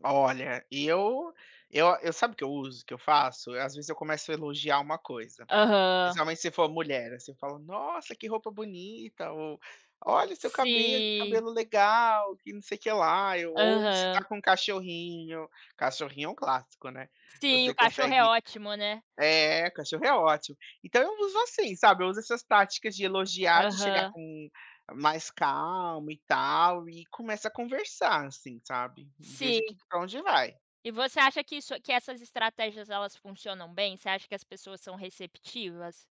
Olha, e eu eu eu sabe o eu uso, o que eu faço? Eu, às vezes, eu começo a elogiar uma coisa. Aham. Principalmente se for mulher, você fala: "Nossa que roupa bonita ou, olha seu cabelo, que Sim. cabelo legal, que não sei que lá", ou se tá Aham. com cachorrinho, cachorrinho é um clássico, né. Sim, Você o cachorro é consegue ótimo, né? eh, cachorro é ótimo. Então eu uso assim, sabe, eu uso essas práticas de elogiar, de chegar Aham. com mais calmo e tal e começa a conversar, assim, sabe. E vejo Sim. que pra onde vai. E você acha que isso que essas estratégias elas funcionam bem? Você acha que as pessoas são receptivas?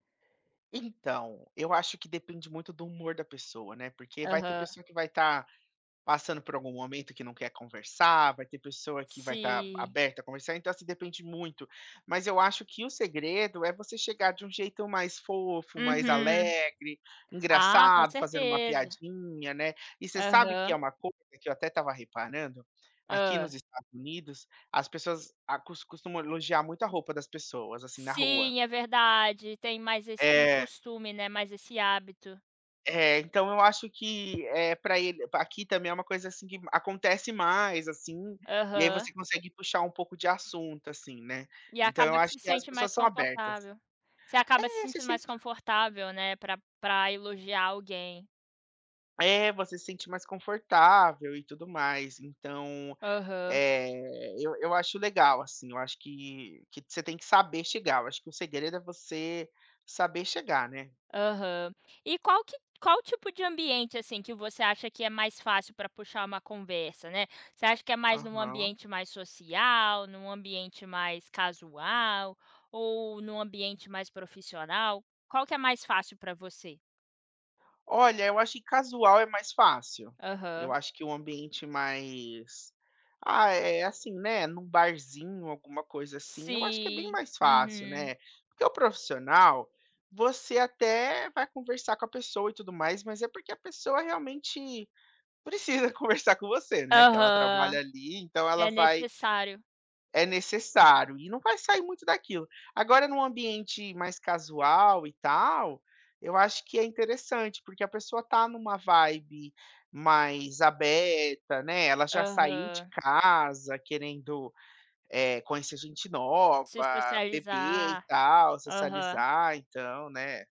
Então, eu acho que depende muito do humor da pessoa, né, porque vai ter Aham. pessoa que vai tá passando por algum momento que não quer conversar, vai ter pessoa que vai tá Sim. aberta a conversar, então você depende muito, mas eu acho que o segredo, é você chegar de um jeito mais fofo, mais Uhum. alegre, Ah, com engraçado, fazendo uma certeza. piadinha, né e você sabe que é Aham. uma coisa que eu até estava reparando? Aqui Hã. nos Estados Unidos, as pessoas acos costumam elogiar muito a roupa das pessoas, assim, na rua. Sim, é verdade, tem mais esse É. costume, né, mais esse hábito. É. Então eu acho que, eh, pra ele aqui também é uma coisa assim que acontece mais, assim, e aí Aham. você consegue puxar um pouco de assunto, assim, né, E então eu acaba que acho se que as sente mais pessoas são abertas. confortável. Você É acaba se você se sentindo mais sente confortável, né, pra pra elogiar alguém. É, você se sente mais confortável e tudo mais então, Aham. eh, eu eu acho legal, assim, eu acho que que você tem que saber chegar, eu acho que o segredo é você saber chegar, né? Aham. E qual que qual o tipo de ambiente, assim, que você acha que é mais fácil pra puxar uma conversa, né. Você acha que é mais num Aham. ambiente mais social, num ambiente mais casual, ou num ambiente mais profissional? Qual que é mais fácil pra você? Olha, eu acho que casual é mais fácil. Eu Aham. acho que o ambiente mais, ah, é assim, né, num barzinho alguma coisa assim, eu acho que é bem Sim, mais fácil, uhum. né, porque o profissional, você até vai conversar com a pessoa e tudo mais, mas é porque a pessoa realmente precisa conversar com você, né, que ela trabalha Aham. ali então ela É vai necessário. é necessário, e não vai sair muito daquilo. Agora num ambiente mais casual, e tal, eu acho que é interessante, porque a pessoa tá numa vibe mais aberta né, ela já saiu de Aham. casa querendo, eh, conhecer gente nova, Se beber e socializar. tal, Aham. socializar, então, né.